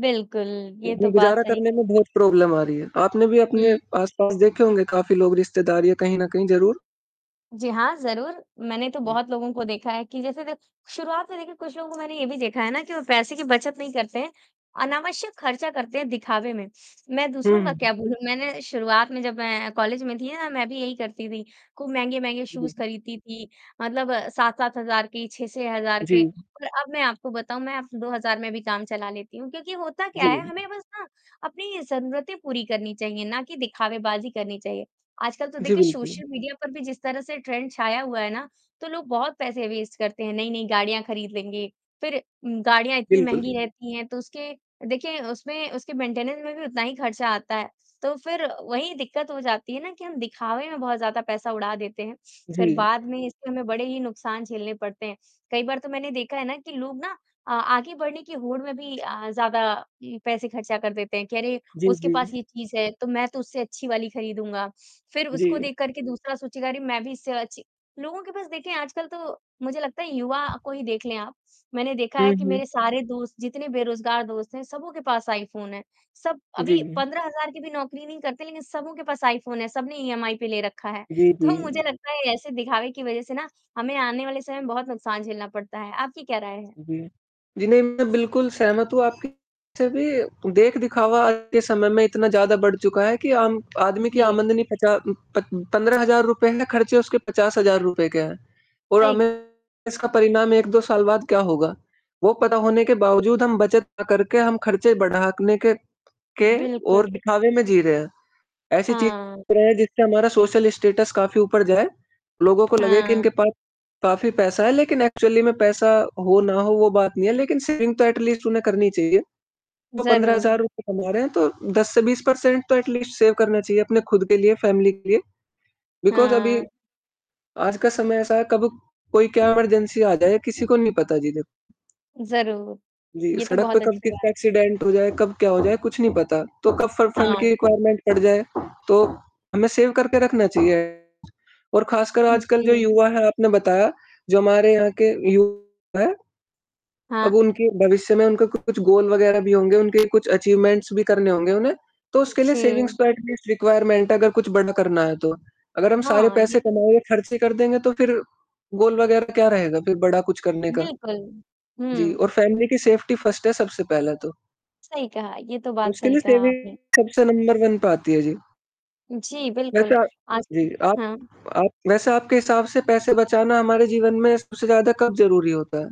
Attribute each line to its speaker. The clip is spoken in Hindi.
Speaker 1: बिल्कुल, ये तो बात
Speaker 2: गुज़ारा
Speaker 1: सही
Speaker 2: करने
Speaker 1: कही।
Speaker 2: में बहुत प्रॉब्लम आ रही है। आपने भी अपने
Speaker 1: हुँ।
Speaker 2: आस-पास देखे होंगे काफ़ी लोग रिश्तेदार या कहीं न कहीं ज़रूर।
Speaker 1: जी हाँ, ज़रूर। मैंने तो
Speaker 2: जी।
Speaker 1: बहुत लोगों को देखा है कि जैसे देख शुरुआत में देखिए कुछ लोगों में ये भी देखा है ना कि वो पैसे की बचत नहीं करते हैं, अनावश्यक ख़र्चा करते हैं दिखावे में। मैं
Speaker 2: हुँ,
Speaker 1: दूसरों का
Speaker 2: हुँ।
Speaker 1: क्या बोलूँ? मैंने शुरुआत में जब मैं कॉलेज में थी ना मैं भी यही करती थी, खूब महँगे-महँगे
Speaker 2: उ,
Speaker 1: शूज़
Speaker 2: जी।
Speaker 1: ख़रीदती थी। मतलब 7-7 हज़ार के, 6-6 हज़ार के
Speaker 2: जी।
Speaker 1: और अब मैं आपको बताऊँ मैं अब में 2000 भी काम चला लेती हूँ क्योंकि होता क्या
Speaker 2: जी।
Speaker 1: है हमें बस ना अपनी ज़रूरतें पूरी करनी चाहिए ना कि दिखावे बाज़ी करनी चाहिए। आजकल तो
Speaker 2: जी
Speaker 1: देखिए
Speaker 2: बिल्कुल।
Speaker 1: सोशल मीडिया पर भी जिस तरह से ट्रेंड छाया हुआ है ना तो लोग बहुत पैसे वेस्ट करते हैं। नहीं-नहीं गाड़ियाँ ख़रीद लेंगे, फ़िर गाड़ियाँ इतनी
Speaker 2: बिल्कुल।
Speaker 1: महँगी रहती हैं तो उसके देखिए उसमें उसके मेंटेनेंस में भी उतना ही ख़र्चा आता है। तो फ़िर वही दिक़्क़त हो जाती है ना कि हम दिखावे में बहुत ज़्यादा पैसा उड़ा देते हैं,
Speaker 2: जी।
Speaker 1: फ़िर बाद में इसमें हमें बड़े ही नुकसान झेलने पड़ते हैं। कई बार तो मैंने देखा है ना कि लोग ना अ, आगे बढ़ने की होड़ में भी अ, ज़्यादा ये पैसे ख़र्चा कर देते हैं कि अरे!
Speaker 2: जी,
Speaker 1: उसके पास
Speaker 2: जी।
Speaker 1: ये चीज़ है तो मैं तो उससे अच्छी वाली ख़रीदूँगा। फ़िर उसको
Speaker 2: जी।
Speaker 1: देख कर के दूसरा सूचना अरे मैं भी इससे अचि लोगों के पास देखिए आजकल तो मुझे लगता है युवा को ही देख लें आप। मैंने देखा
Speaker 2: हुँ,
Speaker 1: है कि मेरे
Speaker 2: हुँ।
Speaker 1: सारे दोस्त जितने बेरोज़गार दोस्त हैं सबके पास आईफ़ोन है। सब
Speaker 2: जी,
Speaker 1: अभी
Speaker 2: जी।
Speaker 1: 15 हज़ार की भी नौकरी नहीं करते लेक़िन सबके पास आईफ़ोन है सब ने ईएमआई पे ले रखा है।
Speaker 2: जी,
Speaker 1: तो मुझे
Speaker 2: जी।
Speaker 1: लगता है ऐसे दिखावे की वजह से ना हमें आने वाले समय में बहुत नुकसान झेलना पड़ता है। आपकी क्या राय है?
Speaker 2: जी। जी, नहीं मैं बिल्कुल सहमत हूँ आपकी बात से भी देख-दिखावा आज के समय में इतना ज़्यादा बढ़ चुका है कि आम आदमी की
Speaker 1: जी।
Speaker 2: आमदनी पचात पत 15 हज़ार रुपए है, ख़र्चे उसके 50 हज़ार रुपए के हैं। और
Speaker 1: हाँ एक
Speaker 2: हमें इसका परिणाम 1-2 साल बाद क्या होगा? वो पता होने के बावजूद हम बचत ना करके हम ख़र्चे बढ़ाने के के
Speaker 1: बिल्कुल।
Speaker 2: और दिखावे में जी रहे हैं। ऐसे चीज़
Speaker 1: हाँ।
Speaker 2: कर जिससे हमारा सोशल स्टेटस काफ़ी ऊपर जाए। लोगों को लगे कि
Speaker 1: हाँ।
Speaker 2: इनके पास काफ़ी पैसा है लेक़िन एक्चुअली में पैसा हो ना हो वो बात नहीं है लेक़िन सेविंग तो एटलीस्ट उन्हें करनी चाहिए। तो 15 हज़ार
Speaker 1: ज़रूर।
Speaker 2: रुपए कमा रहे हैं तो 10 से 20 पर्सेंट तो एटलीस्ट सेव करना चाहिए अपने ख़ुद के लिए, फ़ैमिली के लिए। बिकॉज़ अभी
Speaker 1: हाँ।
Speaker 2: आज का समय ऐसा है कब कोई क्या इमरजेंसी आ जाए किसी को नहीं पता जी देखो।
Speaker 1: ज़रूर।
Speaker 2: जी,
Speaker 1: ये तो
Speaker 2: सड़क पे
Speaker 1: बहुत
Speaker 2: कब
Speaker 1: अच्छी बात है।
Speaker 2: किसका एक्सीडेंट हो जाए कब क्या हो जाए कुछ नहीं पता तो कब फ फंड की
Speaker 1: हाँ।
Speaker 2: रिक्वायरमेंट पड़ जाए तो हमें सेव करके रखना चाहिए। और ख़ासकर
Speaker 1: उ,
Speaker 2: आजकल जो
Speaker 1: जी।
Speaker 2: युवा है आपने बताया जो हमारे यहाँ के युवा है अब
Speaker 1: हाँ।
Speaker 2: उनके भविष्य में उनका कुछ गोल वग़ैरह भी होंगे, उनके कुछ अचीवमेंट्स भी करने होंगे उन्हें। तो
Speaker 1: उ,
Speaker 2: उसके लिए सेविंग्स
Speaker 1: जी।
Speaker 2: तो एटलीस्ट रिक्वायरमेंट अगर कुछ बड़ा करना है तो। अगर हम सारे
Speaker 1: हाँ, ये
Speaker 2: पैसे
Speaker 1: तो
Speaker 2: कमाएँ या ख़र्चे कर देंगे तो फ़िर? गोल वग़ैरह क्या रहेगा फ़िर बड़ा कुछ करने का?
Speaker 1: बिल्कुल।
Speaker 2: जी
Speaker 1: हुँ।
Speaker 2: और फ़ैमिली की सेफ्टी फर्स्ट है सबसे पहले तो।
Speaker 1: सही कहा। ये तो बात
Speaker 2: उसके
Speaker 1: सही
Speaker 2: लिए
Speaker 1: कहा
Speaker 2: सेविंग
Speaker 1: आपने।
Speaker 2: सबसे नंबर वन पे आती है। जी।
Speaker 1: जी,
Speaker 2: वैसे
Speaker 1: बिल्कुल,
Speaker 2: आप
Speaker 1: आजकल
Speaker 2: जी आप
Speaker 1: हाँ।
Speaker 2: आप वैसे आपके हिसाब से पैसे बचाना हमारे जीवन में सबसे ज़्यादा कब ज़रूरी होता है?